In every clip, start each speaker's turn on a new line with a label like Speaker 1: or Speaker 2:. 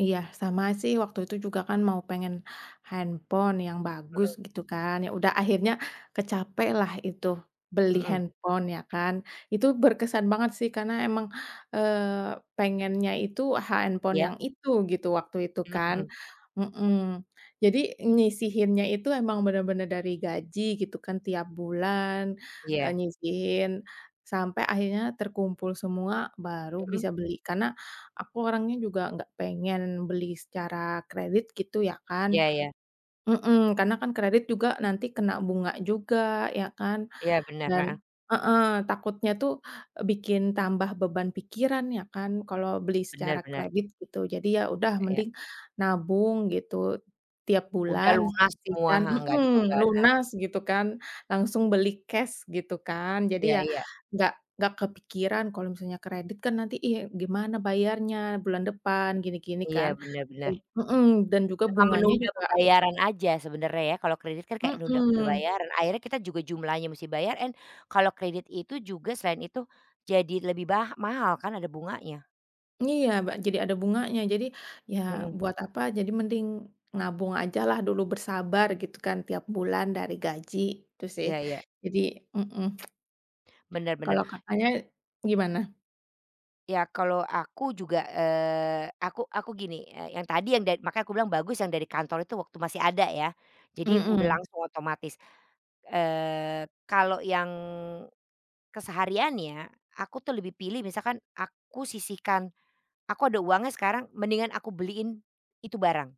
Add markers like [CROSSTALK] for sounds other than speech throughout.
Speaker 1: Iya. Sama sih, waktu itu juga kan, mau pengen handphone yang bagus,
Speaker 2: Mhm.
Speaker 1: gitu kan. Ya udah akhirnya, kecapai lah itu, beli
Speaker 2: Mhm.
Speaker 1: handphone, ya kan. Itu berkesan banget, sih. Karena emang, eee pengennya, itu, handphone
Speaker 2: Iya?
Speaker 1: yang itu, gitu, waktu itu,
Speaker 2: Mhm
Speaker 1: kan,
Speaker 2: mhm.
Speaker 1: mhm. Jadi, nyisihinnya itu emang bener-bener dari gaji, gitu kan tiap bulan, eee,
Speaker 2: Iya.
Speaker 1: nyisihin. Sampai akhirnya terkumpul semua, baru
Speaker 2: Mhm.
Speaker 1: bisa beli. Karena, aku orangnya juga nggak pengen beli secara kredit, gitu ya kan,
Speaker 2: Iya iya.
Speaker 1: mhm. Karena kan, kredit juga nanti kena bunga juga, ya kan?
Speaker 2: Iya, benar,
Speaker 1: Dan
Speaker 2: heeh.
Speaker 1: heeh, takutnya tuh, bikin tambah beban pikiran, ya kan. Kalo beli
Speaker 2: Bener
Speaker 1: secara
Speaker 2: bener.
Speaker 1: kredit, gitu. Jadi, ya udah
Speaker 2: Iya iya.
Speaker 1: mending nabung, gitu. Tiap
Speaker 2: Udah
Speaker 1: bulan
Speaker 2: lunas semua,
Speaker 1: sisihkan
Speaker 2: heeh. Nggak ada
Speaker 1: mhm.
Speaker 2: beban, heeh.
Speaker 1: Lunas, gitu kan. Langsung beli cash, gitu kan. Jadi
Speaker 2: Iya
Speaker 1: ya,
Speaker 2: iya.
Speaker 1: nggak nggak kepikiran kalau misalnya kredit kan, nanti iya gimana bayarnya? Bulan depan. Gini-gini kan,
Speaker 2: Iya, bener bener.
Speaker 1: [UNINTELLIGIBLE] mhm. Dan juga
Speaker 2: Cuma
Speaker 1: bunganya
Speaker 2: menunda
Speaker 1: juga
Speaker 2: pembayaran aja, sebenernya ya? Kalau kredit kan, kayak nunda
Speaker 1: Mhm.
Speaker 2: pembayaran. Akhirnya kita juga jumlahnya mesti bayarin. Kalau kredit itu juga selain itu, jadi lebih bah mahal kan? Ada bunganya.
Speaker 1: Iya, ba jadi ada bunganya. Jadi, ya
Speaker 2: Mhm.
Speaker 1: buat apa? Jadi mending nabung aja lah dulu, bersabar gitu kan. Tiap bulan dari gaji. Itu sih.
Speaker 2: Ya ya.
Speaker 1: Jadi mhm. [CLICKS TONGUE]
Speaker 2: Bener bener,
Speaker 1: Kalau,
Speaker 2: i
Speaker 1: Kakaknya, gimana?
Speaker 2: Ya, kalo aku juga, eee, aku aku gini, yang tadi makanya aku bilang bagus, yang dari kantor itu, waktu masih ada ya. Jadi udah
Speaker 1: Mhm.
Speaker 2: langsung otomatis, eee, kalo yang kesehariannya, aku tuh lebih pilih misalkan, aku sisihkan aku ada uangnya sekarang mendingan aku beliin itu barang.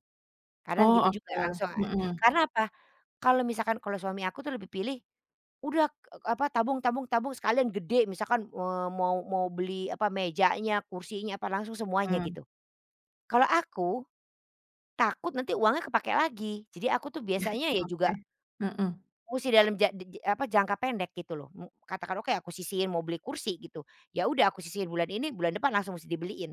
Speaker 1: O,
Speaker 2: Kadang gitu juga
Speaker 1: okelah,
Speaker 2: langsung,
Speaker 1: mhm.
Speaker 2: karena apa? Kalo misalkan kalo suami aku tuh lebih pilih, udah k apa tabung tabung tabung sekalian gede. Misalkan, eee, mau mau beli apa? Mejanya, kursinya, apa langsung semuanya,
Speaker 1: Mhm.
Speaker 2: gitu. Kalo aku, takut nanti uangnya kepake lagi. Jadi aku tuh,
Speaker 1: [LAUGHS]
Speaker 2: biasanya ya juga,
Speaker 1: Oke, mhm.
Speaker 2: musti dalam ja di ji apa, jangka pendek, gitu loh, mmm, katakanlah kayak aku sisihin, mau beli kursi, gitu. Ya udah aku sisihin. Bulan ini, bulan depan langsung musti dibeliin.